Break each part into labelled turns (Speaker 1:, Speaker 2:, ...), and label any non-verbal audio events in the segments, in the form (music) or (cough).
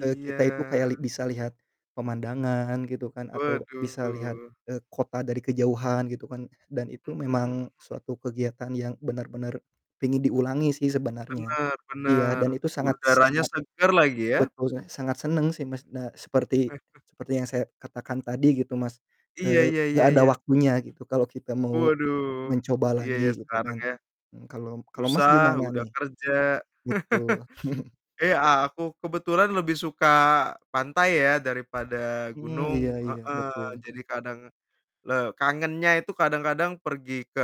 Speaker 1: Eee, kita itu kayak li bisa lihat pemandangan gitu kan, atau bisa lihat,
Speaker 2: Waduh.
Speaker 1: eee, kota dari kejauhan gitu kan dan itu
Speaker 2: Mhm mhm mhm.
Speaker 1: memang suatu kegiatan yang benar-benar pengin diulangi sih sebenarnya.
Speaker 2: Benar
Speaker 1: Iya
Speaker 2: benar.
Speaker 1: dan itu sangat s
Speaker 2: Udaranya
Speaker 1: sangat
Speaker 2: segar lagi ya.
Speaker 1: betul, saya sangat senang sih, Mas, nah seperti
Speaker 2: (chuckles)
Speaker 1: seperti yang saya katakan tadi gitu, Mas,
Speaker 2: Iya
Speaker 1: eee,
Speaker 2: iya
Speaker 1: gak
Speaker 2: iya
Speaker 1: ada
Speaker 2: iya.
Speaker 1: waktunya gitu kalau kita mau
Speaker 2: Waduh.
Speaker 1: mencoba
Speaker 2: Iya iya
Speaker 1: lagi gitu
Speaker 2: sekarang
Speaker 1: kan.
Speaker 2: ya.
Speaker 1: Mmm, kalau m kalau, Mas,
Speaker 2: Susah,
Speaker 1: gimana
Speaker 2: udah
Speaker 1: nih?
Speaker 2: kerja.
Speaker 1: Betul. (chuckles)
Speaker 2: (chuckles) Eh, aku kebetulan lebih suka pantai ya daripada
Speaker 1: Mmm, iya
Speaker 2: gunung,
Speaker 1: iya,
Speaker 2: heeh.
Speaker 1: betul.
Speaker 2: Jadi kadang le kangennya itu kadang-kadang pergi ke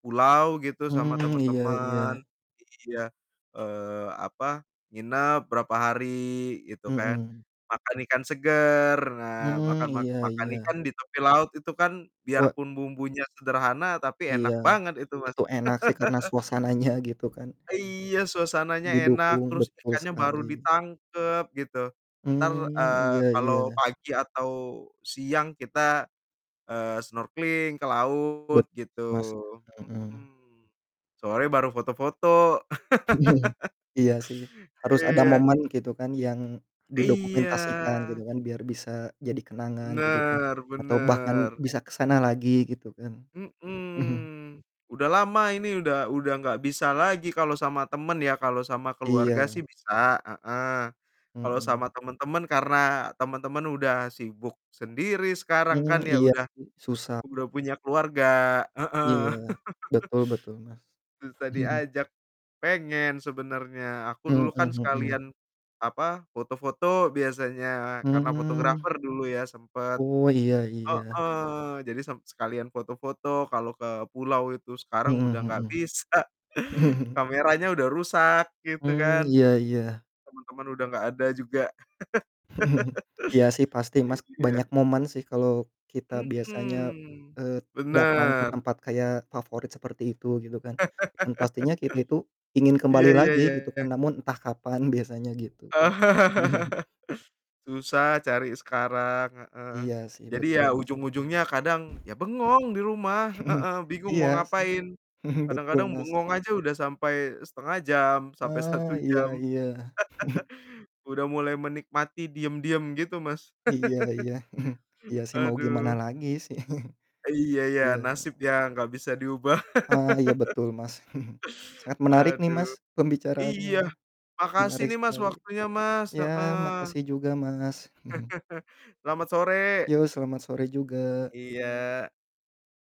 Speaker 2: pulau gitu sama
Speaker 1: Hmm, iya
Speaker 2: teman-teman.
Speaker 1: iya.
Speaker 2: Iya, eee, apa, nginep berapa hari gitu kan.
Speaker 1: Mhm.
Speaker 2: Makan ikan segar. Nah,
Speaker 1: Hmm,
Speaker 2: makan mak
Speaker 1: iya
Speaker 2: makan
Speaker 1: iya.
Speaker 2: ikan di tepi laut itu kan
Speaker 1: Wa
Speaker 2: biarpun bumbunya sederhana tapi
Speaker 1: Iya.
Speaker 2: enak banget itu, Mas.
Speaker 1: itu enak sih karena
Speaker 2: (laughs)
Speaker 1: suasananya gitu kan.
Speaker 2: Iya suasananya enak
Speaker 1: Didukung,
Speaker 2: terus
Speaker 1: betul
Speaker 2: ikannya baru
Speaker 1: sekali.
Speaker 2: ditangkep gitu. Entar,
Speaker 1: Mmm,
Speaker 2: eee,
Speaker 1: iya
Speaker 2: kalau
Speaker 1: iya.
Speaker 2: pagi atau siang kita, eee, snorkeling ke laut
Speaker 1: Betul,
Speaker 2: gitu,
Speaker 1: Mas, mhm.
Speaker 2: mhm. Sore baru foto-foto.
Speaker 1: (chuckles)
Speaker 2: (laughs)
Speaker 1: Iya sih, harus ada
Speaker 2: Iya.
Speaker 1: momen gitu kan yang
Speaker 2: Iya.
Speaker 1: didokumentasikan gitu kan, biar bisa jadi kenangan gitu kan
Speaker 2: Benar
Speaker 1: atau bahkan
Speaker 2: benar.
Speaker 1: bisa ke sana lagi gitu kan. Mhm.
Speaker 2: Mhm, udah lama ini udah udah gak bisa lagi kalau sama teman ya. Kalau sama keluarga
Speaker 1: Iya.
Speaker 2: sih bisa, heeh. Kalau
Speaker 1: Mhm.
Speaker 2: sama teman-teman karena teman-teman udah sibuk sendiri sekarang
Speaker 1: Mmm,
Speaker 2: kan ya
Speaker 1: iya
Speaker 2: udah
Speaker 1: sih susah.
Speaker 2: udah punya keluarga, heeh.
Speaker 1: Iya,
Speaker 2: (laughs)
Speaker 1: betul betul, Mas.
Speaker 2: Susah
Speaker 1: (chuckles)
Speaker 2: diajak. Pengen sebenarnya, aku
Speaker 1: Mhm
Speaker 2: dulu kan
Speaker 1: mhm.
Speaker 2: sekalian, apa, foto-foto biasanya karena
Speaker 1: Hmm.
Speaker 2: fotografer dulu ya sempat.
Speaker 1: Oh, iya iya.
Speaker 2: Heeh. Jadi sem sekalian foto-foto kalau ke pulau itu, sekarang udah gak
Speaker 1: Mhm
Speaker 2: bisa.
Speaker 1: mhm. (chuckles)
Speaker 2: Kameranya udah rusak gitu
Speaker 1: Hmm,
Speaker 2: kan.
Speaker 1: iya iya.
Speaker 2: Teman-teman udah gak ada juga.
Speaker 1: (chuckles)
Speaker 2: (laughs)
Speaker 1: Iya sih pasti, Mas,
Speaker 2: Iya.
Speaker 1: banyak momen sih kalau kita biasanya,
Speaker 2: Mhm,
Speaker 1: eee, datang ke
Speaker 2: benar.
Speaker 1: tempat kayak favorit seperti itu, gitu kan,
Speaker 2: (laughs)
Speaker 1: dan pastinya kita itu ingin
Speaker 2: Iya
Speaker 1: kembali
Speaker 2: iya
Speaker 1: lagi
Speaker 2: iya.
Speaker 1: gitu kan, namun entah kapan, biasanya gitu. (chuckles)
Speaker 2: (laughs) Susah cari sekarang, heeh.
Speaker 1: Iya sih
Speaker 2: Jadi
Speaker 1: betul,
Speaker 2: ya
Speaker 1: Mas.
Speaker 2: ujung-ujungnya kadang ya bengong di rumah,
Speaker 1: (chuckles)
Speaker 2: heeh, bingung
Speaker 1: Iya
Speaker 2: mau
Speaker 1: sih
Speaker 2: ngapain.
Speaker 1: (chuckles) betul,
Speaker 2: Kadang-kadang
Speaker 1: Mas.
Speaker 2: bengong aja udah sampai 0,5 jam sampai
Speaker 1: Oh,
Speaker 2: 1
Speaker 1: iya
Speaker 2: jam. (laughs)
Speaker 1: iya. (chuckles)
Speaker 2: Udah mulai menikmati diam-diam gitu, Mas.
Speaker 1: Iya
Speaker 2: (laughs)
Speaker 1: iya. (chuckles) Iya sih mau gimana
Speaker 2: Aduh.
Speaker 1: lagi sih. (chuckles)
Speaker 2: Iya iya,
Speaker 1: Iya.
Speaker 2: nasib yang nggak bisa diubah.
Speaker 1: Ah, iya
Speaker 2: (laughs)
Speaker 1: betul, Mas. (chuckles) Sangat menarik nih,
Speaker 2: Aduh.
Speaker 1: Mas,
Speaker 2: Iya.
Speaker 1: pembicaraannya.
Speaker 2: Makasih
Speaker 1: Menarik
Speaker 2: nih, Mas,
Speaker 1: sekali.
Speaker 2: waktunya, Mas,
Speaker 1: Ya
Speaker 2: heeh.
Speaker 1: makasih juga, Mas. (chuckles)
Speaker 2: (chuckles) Selamat sore.
Speaker 1: Yo, selamat sore juga.
Speaker 2: Iya.